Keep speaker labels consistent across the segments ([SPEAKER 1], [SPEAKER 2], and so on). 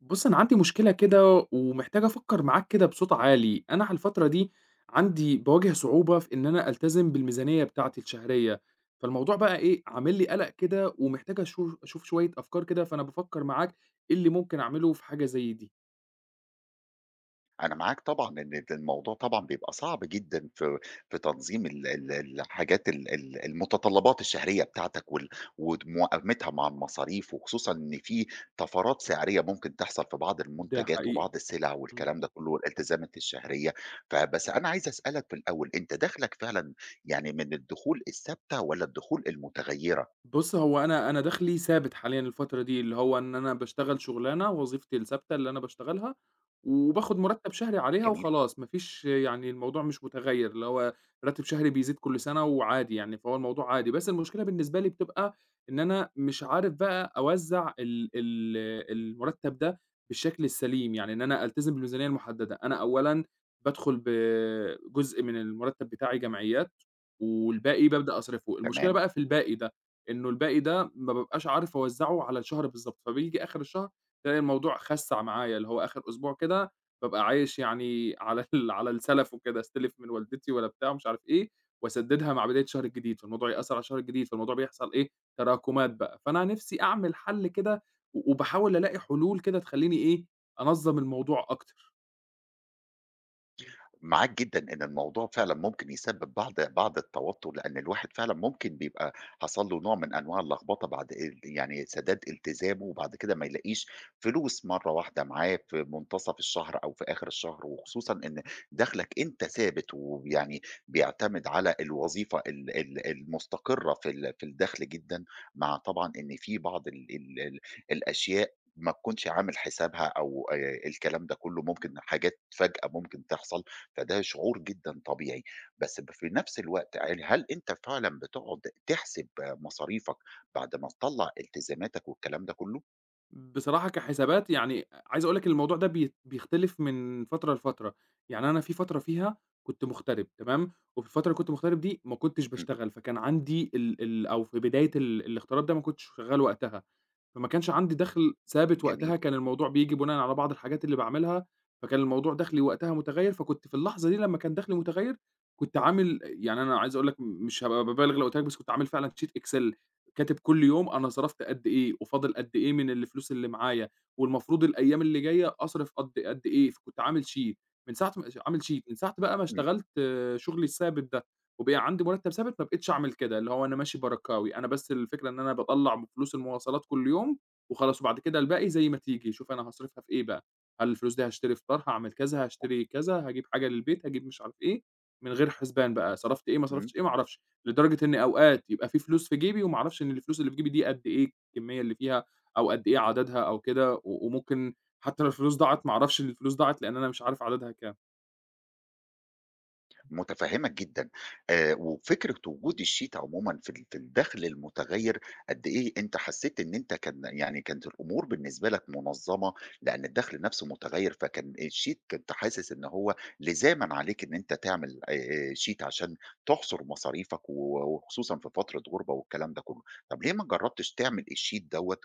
[SPEAKER 1] بُصّ، أنا عندي مشكلة كده، ومحتاج أفكر معاك كده بصوت عالي، أنا على الفترة دي عندي باواجه صعوبة في إن أنا ألتزم بالميزانية بتاعتي الشهرية، فالموضوع بقى إيه، عامل لي قلَق كده ومحتاج أشو أشوف شوية أفكار كده فأنا بافكَّر معاك إيه اللي ممكن أعملُه في حاجة زي دي؟
[SPEAKER 2] أنا معاك طبعًا، إن الموضوع طبعًا بيبقى صعب جدًا في في تنظيم ال ال ال الحاجات ال ال المتطلَّبات الشهرية بتاعتك، وال وموائمِتها مع المصاريف، وخصوصًا إن في طَفَرات سِعرية ممكن تحصل في بعض
[SPEAKER 1] ده
[SPEAKER 2] المنتجات
[SPEAKER 1] حقيقي،
[SPEAKER 2] وبعض السلع
[SPEAKER 1] اهم.
[SPEAKER 2] والكلام ده كلُّه، والالتزامات الشهرية، فبس أنا عايز أسألك في الأول أنت دخلك فعلًا يعني من الدخول الثابتة، والَّا الدخول المتغيرة؟
[SPEAKER 1] بُصّ، هو أنا أنا دخلي ثابت حاليًا الفترة دي، اللي هو إن أنا باشتغل شغلانة وظيفتي الثابتة اللي أنا باشتغلها وباخد مرتب شهري عليها
[SPEAKER 2] جميل.
[SPEAKER 1] وخلاص، مافيش يعني الموضوع مش متغيّر اللي هو راتب شهري بيزيد كل سنة وعادي يعني، فهو الموضوع عادي، بس المشكلة بالنسبة لي بتبقى إن أنا مش عارف بقى أوزَّع ال ال المُرتَّب ده بالشكل السليم، يعني إن أنا ألتزِم بالميزانية المحدَّدة أنا أولًا بادخُل ب جزء من المُرتَّب بتاعي جمعيات، والباقي بابدأ أصرفُه، المشكلة
[SPEAKER 2] تمام.
[SPEAKER 1] بقى في الباقي ده، إنه الباقي ده ما بابقاش عارف أوزَّعه على الشهر بالضبط، فبييجي آخر الشهر ألاقي الموضوع خسَّع معايا، اللي هو آخر أسبوع كده بابقى عايش يعني على ال على السَلف وكده، أستلِف من والدتي ولا بتاع مش عارف إيه، وأسدِّدها مع بداية الشهر الجديد، فالموضوع يأثَّر على الشهر الجديد، فالموضوع بيحصل إيه تراكمات بقى، فأنا نفسي أعمِل حلّ كده و وباحاول ألاقي حلول كده تخليني إيه، أنظَّم الموضوع أكتر. إمم.
[SPEAKER 2] معاك جدًا إن الموضوع فعلًا ممكن يسبّب بعض بعض التوتُّر. لإن الواحد فعلًا ممكن بيبقى حصل له نوع من أنواع اللخبطة بعد ال يعني سَدَاد التزامه، وبعد كده ما يلاقيش فلوس مرّة واحدة معاه في مُنتَصف الشهر أو في آخر الشهر. وخصوصًا إن دخلك أنت ثابت وب يعني بيعتَمد على الوظيفة ال ال المُستقرة في ال في الدخل جدًا، مع طبعًا إن في بعض ال ال ال الأشياء ما تكونش عامل حسابها أو آآ الكلام ده كُلّه. ممكن حاجات فجأة ممكن تحصل فده شعور جدًا طبيعي. بس ب في نفس الوقت ع هل أنت فعلًا بتقعد تحسب مصاريفك بعد ما تطلّع التزاماتك والكلام ده كُلّه؟
[SPEAKER 1] بصراحة كحسابات، يعني أ عايز أقول لك إن الموضوع ده بيت بيختلف من فترة لفترة. يعني أنا في فترة فيها كنت مُغتَرِب تمام؟ وفي الفترة اللي كنت مُغتَرِب دي، ما كنتش
[SPEAKER 2] إمم.
[SPEAKER 1] باشتغل. فكان عندي ال ال أو في بداية ال الاغتراب ده ما كنتش شغّال وقتها. فما كانش عندي دخل ثابت.
[SPEAKER 2] جميل.
[SPEAKER 1] وقتها كان الموضوع بييجي بناءً على بعض الحاجات اللي باعملها فكان الموضوع دخلي وقتها مُتغيّر، فكنت في اللحظة دي لمّا كان دخلي مُتغيّر، كنت عامل أ يعني أنا عايز أقول لك م مش هابقى بابالغ لو قُلت لك بس كنت عامل فعلًا sheet excel. كاتب كل يوم أنا صرفت قد إيه، وفاضل قد إيه من الفلوس اللي معايا، والمفروض الأيام اللي جاية أصرف قد قد إيه فكنت عامل sheet. من ساعة م عامل sheet. من ساعة بقى ما
[SPEAKER 2] إمم.
[SPEAKER 1] اشتغلت شغلي الثابت ده، وبقى عندي مُرتَّب ثابت، ما بقيتش أعمل كده. اللي هو أنا ماشي بركاوي. أنا بس الفكرة إن أنا باطلّع من فلوس المواصلات كل يوم وخلاص وبعد كده الباقي زي ما تيجي، شوف أنا هاصرفها في إيه بقى. هل الفلوس دي هاشتري فطار، هاعمل كذا، هاشتري كذا هاجيب حاجة للبيت، هاجيب مش عارف إيه، من غير حُسبان بقى. صرفت إيه، ما
[SPEAKER 2] إمم.
[SPEAKER 1] صرفتش إيه، ما أعرفش. لدرجة إن أوقات يبقى في فلوس في جيبي وما اعرفش إن الفلوس اللي في جيبي دي قد إيه، الكمِّية اللي فيها أو قد إيه عددها أو كده و وممكن حتّى لو الفلوس ضاعت ما أعرفش إن الفلوس ضاعت لإن أنا مش عارف عددها كام.
[SPEAKER 2] مُتفهِّمك جدًا. آآ وفكرة وجود الsheet عمومًا في ال في الدخل المُتغيّر، قد إيه أنت حسّيت إن أنت كان يعني كانت الأمور بالنسبة لك مُنظَّمة. لإن الدخل نفسه مُتغيّر فكان الsheet كنت حاسس إن هو لِزامًا عليك إن أنت تعمل آآ آآ sheet عشان تُحصُر مصاريفك و وخصوصًا في فترة غُربَة والكلام ده كُلّه. طب ليه ما جرّبتش تعمل الsheet دوّة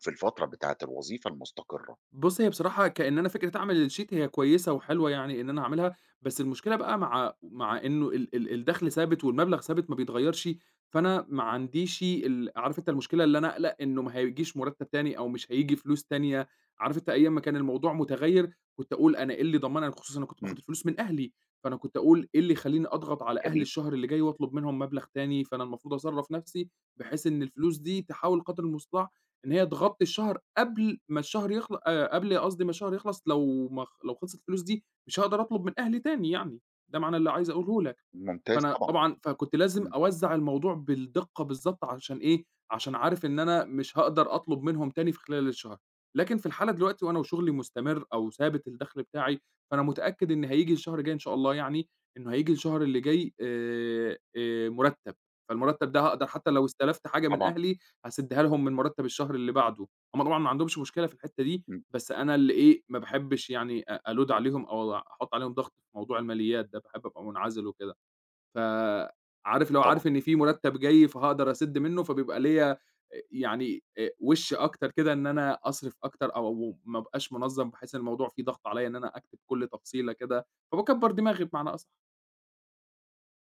[SPEAKER 2] في الفترة بتاعة الوظيفة المُستَقِرّة؟
[SPEAKER 1] بُص، هي بصراحة كإن أنا فكرة أعمل الsheet، هي كويسة وحلوة يعني إن أنا أعملها. بس المشكلة بقى مع مع إنه ال ال الدخل ثابت والمبلغ ثابت ما بيتغيّرش، فأنا ما عنديش ال عارف أنت المشكلة اللي أنا أقَلَق إنه ما هيجيش مُرتَّب تاني أو مش هييجي فلوس تانية. عارف أنت أيام ما كان الموضوع مُتغيّر كنت أقول أنا إيه اللي يضمنني خصوصًا أنا كنت باخد
[SPEAKER 2] إمم.
[SPEAKER 1] الفلوس من أهلي. فأنا كنت أقول إيه اللي يخلّيني أضغط على أهلي
[SPEAKER 2] جميل.
[SPEAKER 1] الشهر اللي جاي واطلب منهم مبلغ تاني، فأنا المفروض أصرّف نفسي بحيث إن الفلوس دي تحاول قدر المُستطاع إن هي تغطّي الشهر قبل ما الشهر يخل أ قبل قصدي ما الشهر يخلص لو ما خ لو خلصت الفلوس دي مش هاقدر أطلب من أهلي تاني يعني. ده معنى اللي عايز أقوله لك.
[SPEAKER 2] ممتاز
[SPEAKER 1] فأنا
[SPEAKER 2] طبعًا.
[SPEAKER 1] طبعًا فكنت لازم
[SPEAKER 2] إمم.
[SPEAKER 1] أوزَّع الموضوع بالدِقّة بالضبط عشان إيه، عشان عارف إن أنا مش هاقدر أطلب منهم تاني في خلال الشهر. لكن في الحالة دلوقتي وأنا وشغلي مُستَمر أو ثابت الدخل بتاعي، فأنا مُتأكد إن هييجي الشهر الجاي إن شاء الله يعني، إنه هييجي الشهر اللي جاي آآ آآ مُرتَّب. فالمُرتَّب ده هاقدر حتّى لو استَلَفت حاجة من
[SPEAKER 2] طبعًا.
[SPEAKER 1] أهلي هاسِدّها لهم من مُرتَّب الشهر اللي بعده. هم طبعًا ما عندهمش مشكلة في الحتّة دي،
[SPEAKER 2] إمم.
[SPEAKER 1] بس أنا اللي إيه، ما باحبش يعني أ أload عليهم أو وع أحُط عليهم ضغط في موضوع الماليات ده. باحب أبقى مُنعَزِل وكده. ف عارف اللي هو
[SPEAKER 2] طبعًا.
[SPEAKER 1] عارف إن في مُرتَّب جاي فهأقدر أسِد منّه، فبيبقى ليّا أ يعني أ وِش أكتر كده إن أنا أصرف أكتر أو و ما أبقاش مُنظَّم، بحيث إن الموضوع فيه ضغط عليّا إن أنا أكتب كل تفصيلة كده، فباكبّر دماغي بمعنى أص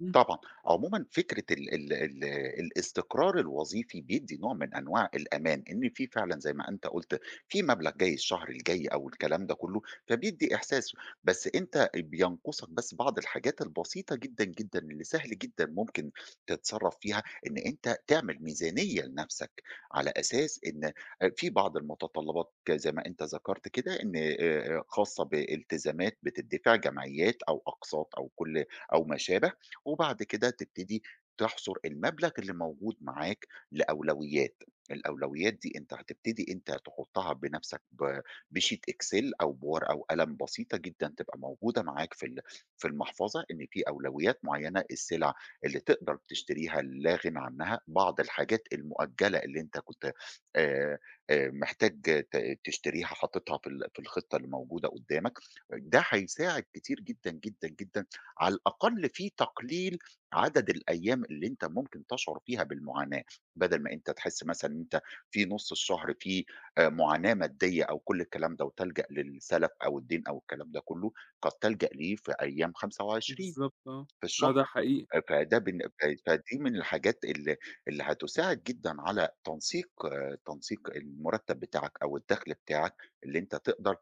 [SPEAKER 1] امم
[SPEAKER 2] طبعًا، عمومًا فكرة ال ال ال الاستقرار الوظيفي بيدّي نوع من أنواع الأمان. إن في فعلًا زي ما أنت قُلت في مبلغ جاي الشهر الجاي أو الكلام ده كُلّه فبيدّي إحساس بس أنت أ بينقُصك بس بعض الحاجات البسيطة جدًا، جدًا اللي سهل جدًا مُمكن تتصرف فيها، إن أنت تعمل ميزانية لنفسك. على أساس إن أ في بعض المتطلبات ك زي ما أنت ذكرت كده إن آآ خاصة بالتزامات بتتدفع جمعيات، أو أقساط أو كل أو ما شابه، وبعد كده تبتدي تحصُر المبلغ اللي موجود معاك لأولويات. الأولويات دي أنت هتبتدي أنت تحُطها بنفسك ب بsheet Excel أو بورقة وقلم بسيطة جدًا، تبقى موجودة معاك في ال في المحفَظة، إن في أولويات مُعينة، السلع اللي تقدر تشتريها اللي لاغِنى عنها، بعض الحاجات المؤجَِلة اللي أنت كُنت آآ آآ محتاج ت تشتريها حاطِطها في ال في الخطة اللي موجودة قُدامك، ده هيساعد كتير جدًا، جدًا، جدًا، على الأقل في تقليل عدد الأيام، اللي أنت مُمكن تشعر فيها بالمعاناة، بدل ما أنت تحس مثلًا، إن أنت في نُص الشهر في آآ مُعاناة مادية أو كلّ الكلام ده وتلجَأ للسلَف أو الدَّيْن أو الكلام ده كُلّه، قد تلجَأ ليه في أيام 25
[SPEAKER 1] بالضبط آه،
[SPEAKER 2] في
[SPEAKER 1] آه
[SPEAKER 2] الشهر
[SPEAKER 1] ده حقيقي.
[SPEAKER 2] فده بن ف فدِي من الحاجات اللي اللي هتساعد جدًا على تنسيق تنسيق المُرتب بتاعك، أو الدخل بتاعك اللي أنت تقدر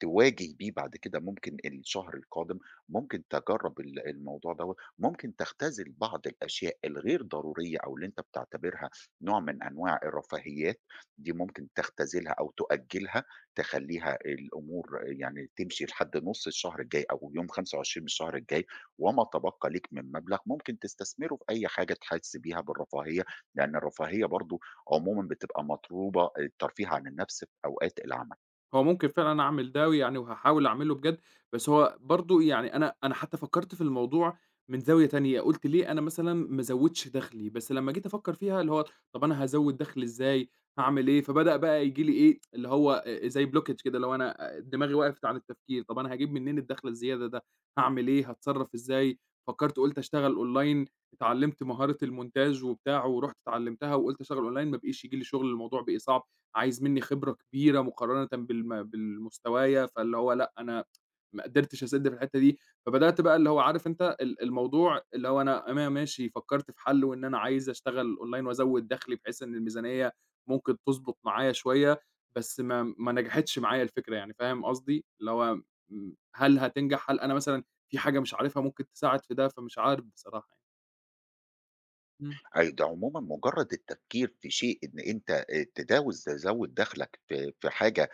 [SPEAKER 2] تواجه بيه بعد كده مُمكن الشهر القادم، مُمكن تجرّب ال الموضوع دَوَّة مُمكن تختزل بعض الأشياء الغير ضرورية أو اللي أنت بتعتبرها نوع من أنواع الرفاهيات، دي مُمكن تختزلها أو تؤجلها تخلّيها الأمور يعني تمشي لحد نُص الشهر الجاي أو يوم 25 من الشهر الجاي، وما تبَقى ليك من مبلغ مُمكن تستثمره في أي حاجة تحس بيها بالرفاهية، لأن الرفاهية برضه عمومًا بتبقى مطلوبة الترفيه عن النفس في أوقات العمل.
[SPEAKER 1] هو ممكن فعلًا أعمل ده ويعني هاحاول أعملُه بجد بس هو برضه يعني أنا أنا حتى فكَّرت في الموضوع من زاوية تانية، قلت ليه أنا مثلًا ما ازوِّدش دخلي بس لمَّا جيت أفكَّر فيها، اللي هو طب أنا هازوِّد دخلي إزاي، هاعمل إيه فبدأ بقى ييجي لي إيه، اللي هو زي blockage كده اللي هو أنا دماغي وقَفِت عن التفكير، طب أنا هاجيب منين الدخل الزيادة ده، هاعمل إيه، هاتصرف إزاي، فكَّرت وقُلت أشتغل أونلاين اتعلمت مهارة المونتاج وبتاع، ورُحت اتعلِّمتها وقُلت أشتغل أونلاين ما بقيش ييجي لي شغل الموضوع بقى صعب، عايز مني خبرة كبيرة مقارنةً بالم بالمستوايا، فاللي هو لأ أنا ما قدِرتش أسِدّ في الحتَّة دي، فبدأت بقى اللي هو عارف أنت ال الموضوع اللي هو أنا أنا ماشي فكَّرت في حلُّه إن أنا عايز أشتغل أونلاين وأزوِّد دخلي، بحيث إن الميزانية ممكن تضبُط معايا شوية، بس ما ما نجَحِتش معايا الفكرة يعني فاهم قصدي؟ اللي هو م هل هتنجح، هل أنا مثلًا في حاجة مش عارفها ممكن تساعد في ده، فمش عارف بصراحة يعني. امم.
[SPEAKER 2] أيوه، ده عمومًا مجرد التفكير في شيء إن أنت تداوز تزوِّد دخلك في في حاجة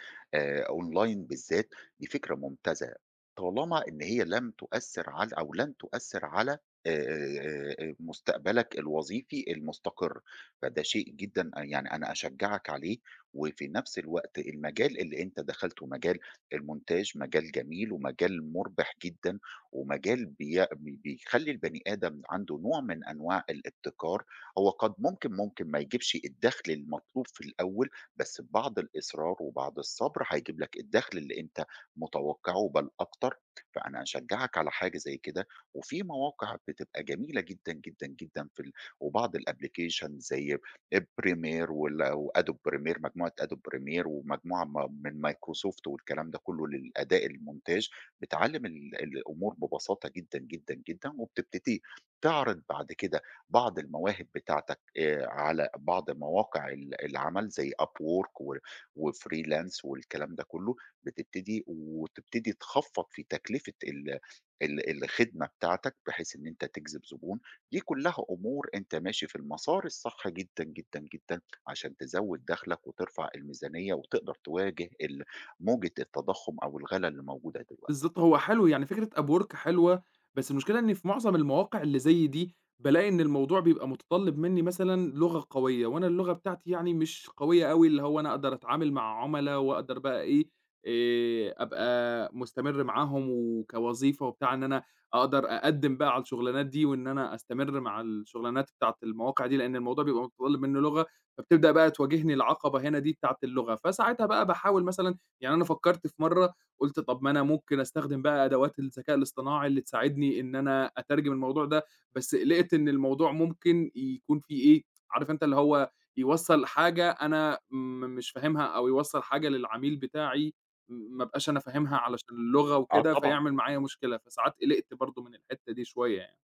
[SPEAKER 2] أونلاين بالذات، دي فكرة ممتازة، طالما إن هي لم تؤثِّر على أو لن تؤثِّر على آآ، مستقبلك الوظيفي المستقرّ، فده شيء جدًا يعني أنا أشجَّعك عليه، وفي نفس الوقت المجال اللي أنت دخلتُه مجال المونتاج مجال جميل ومجال مربِح جدًا، ومجال بي بيخلِّي البني آدم عنده نوع من أنواع الإبتكار، هو قد ممكن ممكن ما يجيبش الدخل المطلوب في الأول، بس ببعض الإصرار وبعض الصبر هيجيب لك الدخل اللي أنت متوقِّعُه بل أكتر، فأنا أشجَّعك على حاجة زي كده، وفي مواقع بتبقى جميلة جدًا، جدًا، جدًا في ال وبعض الأبلكيشن زي أ premier وال وAdobe premier مجموعة Adobe premier ومجموعة من Microsoft والكلام ده كلُّه للأداء المونتاج، بتعلِّم ال الأمور ببساطة جدًا، جدًا، جدًا وبتبتدي تعرِض بعد كده بعض المواهب بتاعتك على بعض مواقع ال العمل زي upwork و وfreelance والكلام ده كلُّه، بتبتدي وتبتدي تخفَّض في تكلفة ال ال الخدمة بتاعتك، بحيث إن أنت تجذِب زبون، دي كلها أمور أنت ماشي في المسار الصح جدًا، جدًا، جدًا عشان تزوِّد دخلك وترفع الميزانية، وتقدر تواجه ال موجة التضخُّم أو الغَلا اللي موجودة دلوقتي.
[SPEAKER 1] بالضبط، هو حلو يعني فكرة Upwork حلوة، بس المشكلة إني في معظم المواقع اللي زي دي، بالاقي إن الموضوع بيبقى متطلِّب مني مثلًا لغة قوية، وأنا اللغة بتاعتي يعني مش قوية أوي اللي هو أنا أقدر أتعامل مع عُملا، وأقدر بقى إيه آآ، أبقى مُستمِرّ معاهم وكوظيفة وبتاع إن أنا أقدر أقدِّم بقى على الشغلانات دي، وإن أنا أستَمِرّ مع الشغلانات بتاعة المواقع دي، لأن الموضوع بيبقى متطلِّب مني لغة، فبتبدأ بقى تواجهني العقَبة هنا دي، بتاعة اللغة فساعتها بقى باحاول مثلًا يعني أنا فكَّرت في مرّه، قُلت طب ما أنا ممكن أستخدِم بقى أدوات الذكاء الاصطناعي اللي تساعدني إن أنا أترجم الموضوع ده، بس قِلِقت إن الموضوع ممكن يكون فيه إيه، عارف أنت اللي هو يوصَّل حاجة أنا م مش فاهمها، أو يوصَّل حاجة للعميل بتاعي ما ابقاش أنا فاهمها علشان اللغة
[SPEAKER 2] آه
[SPEAKER 1] وكده،
[SPEAKER 2] طبعًا.
[SPEAKER 1] فيعمل معايا مشكلة، فساعات قِلِقت برضه من الحتَّة دي شوية يعني.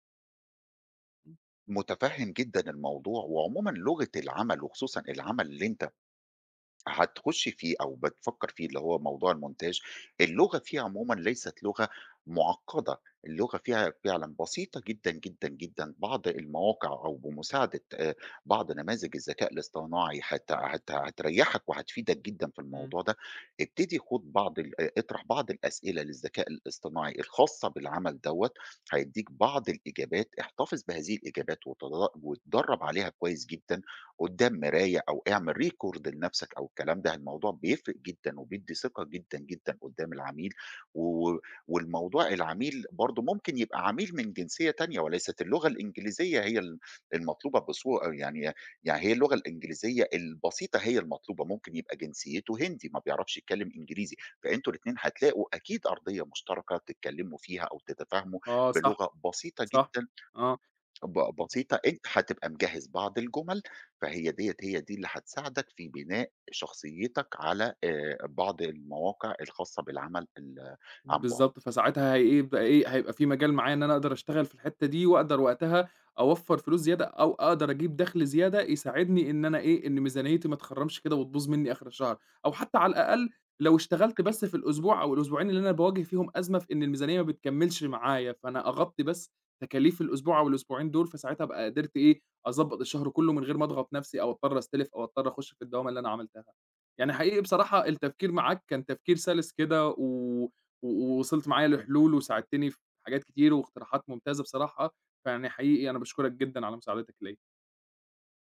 [SPEAKER 2] متفهِّم جدًا الموضوع، وعمومًا لغة العمل وخصوصًا العمل اللي انت هتخش فيه أو بتفكَّر فيه اللي هو موضوع المونتاج اللغة فيها عمومًا ليست لغة معقَّدة، اللغة فيها فعلًا بسيطة جدًا جدًا جدًا بعض المواقع، أو بمساعدة آآ، بعض نماذج الذكاء الاصطناعي هت هت هتريحك وهتفيدك جدًا في
[SPEAKER 1] إمم.
[SPEAKER 2] الموضوع ده، ابتدي خد بعض ال أ اطرح بعض الأسئلة للذكاء الاصطناعي الخاصة بالعمل دوَّة، هيدّيك بعض الإجابات احتفظ بهذه الإجابات وتدر واتدرب عليها كويس جدًا قدَّام مراية، أو اعمِل record لنفسك، أو الكلام ده الموضوع بيفرق جدًا، وبيدّي ثقة جدًا، جدًا قدَّام العميل، و و والموضوع العميل برضه ممكن يبقى عميل من جنسية تانية، وليست اللغة الإنجليزية هي ال المطلوبة بصورة، يعني يعني هي اللغة الإنجليزية البسيطة هي المطلوبة، ممكن يبقى جنسيته هندي ما بيعرفش يتكلم إنجليزي، فأنتم الاتنين هتلاقوا أكيد أرضية مشتركة تتكلِّموا فيها أو تتفاهموا
[SPEAKER 1] آه صح،
[SPEAKER 2] بلغة بسيطة
[SPEAKER 1] صح،
[SPEAKER 2] جدًا،
[SPEAKER 1] آه.
[SPEAKER 2] ب بسيطة أنت هتبقى مجهِّز بعض الجُمَل فهي ديَّة هي دي اللي هتساعدك في بناء شخصيتك على آآ، بعض المواقع الخاصة بالعمل ال عن بُعد.
[SPEAKER 1] بالضبط، فساعتها هيبقى إيه هيبقى في مجال معايا إن أنا أقدر أشتغل في الحتَّة دي وأقدر وقتها أوفَّر فلوس زيادة، أو أقدر أجيب دخل زيادة يساعدني إن أنا إيه إن ميزانيتي ما تخرَّمش كده، وتبوظ مني آخر الشهر، أو حتى على الأقل لو اشتغلت
[SPEAKER 2] أكيد.
[SPEAKER 1] بس في الأسبوع أو الأسبوعين اللي أنا باواجه فيهم أزمة في إن الميزانية ما بتكمِّلش معايا، فأنا أغطِّي بس تكاليف الأسبوع أو الأسبوعين دول فساعتها أبقى قدرت إيه، أضبَّط الشهر كلُّه من غير ما أضغط نفسي أو أضطّر أستلِف أو أضطّر أخشّ في الدوامة اللي أنا عملتها، يعني حقيقي بصراحة التفكير معاك كان تفكير سَلِس كده و و وصلت معايا لحلول وساعدتني في حاجات كتير، واقتراحات ممتازة بصراحة، فيعني حقيقي أنا باشكُرك جدًا على مساعدتك ليَّا.